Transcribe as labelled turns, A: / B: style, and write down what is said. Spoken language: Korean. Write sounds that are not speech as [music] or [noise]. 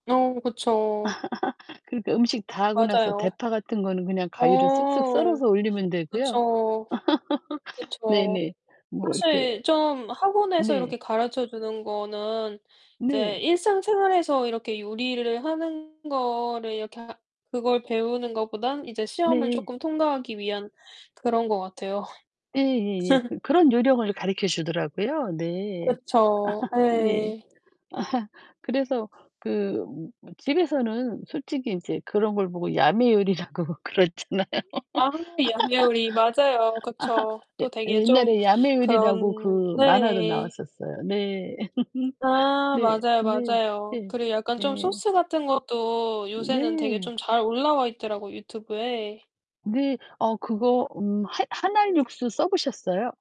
A: 어 그쵸.
B: [laughs] 그러니까 음식 다 하고 나서
A: 맞아요.
B: 대파 같은 거는 그냥 가위로 쓱쓱
A: 어
B: 썰어서 올리면 되고요.
A: 그쵸.
B: [laughs]
A: 그쵸.
B: 네네. 뭐 이렇게
A: 사실 좀 학원에서
B: 네.
A: 이렇게 가르쳐 주는 거는 이제
B: 네.
A: 일상생활에서 이렇게 요리를 하는 거를 이렇게 하 그걸 배우는 것보단 이제 시험을
B: 네.
A: 쪼끔 통과하기 위한 그런 것 같아요.
B: 예예예.
A: [laughs]
B: 그 그런 요령을 가르쳐 주더라고요. 네.
A: 그쵸.
B: [laughs] 예.
A: 예.
B: [laughs] 그래서 그 뭐 집에서는 솔직히 인제 그런 걸 보고 야매 요리라고 그러잖아요.
A: 아 야매 요리 맞아요. 그쵸.
B: [laughs] 예
A: 또 되게 좀
B: 옛날에 야매 요리라고
A: 그런
B: 그 만화도
A: 네.
B: 나왔었어요. 네. [laughs]
A: 아
B: 네.
A: 맞아요,
B: 네.
A: 맞아요.
B: 예.
A: 그리고 약간 좀
B: 네.
A: 소스 같은 것도 요새는 되게
B: 네.
A: 좀 잘 올라와 있더라고 유튜브에.
B: 네 어 그거 음 한 1 알 육수 써 보셨어요?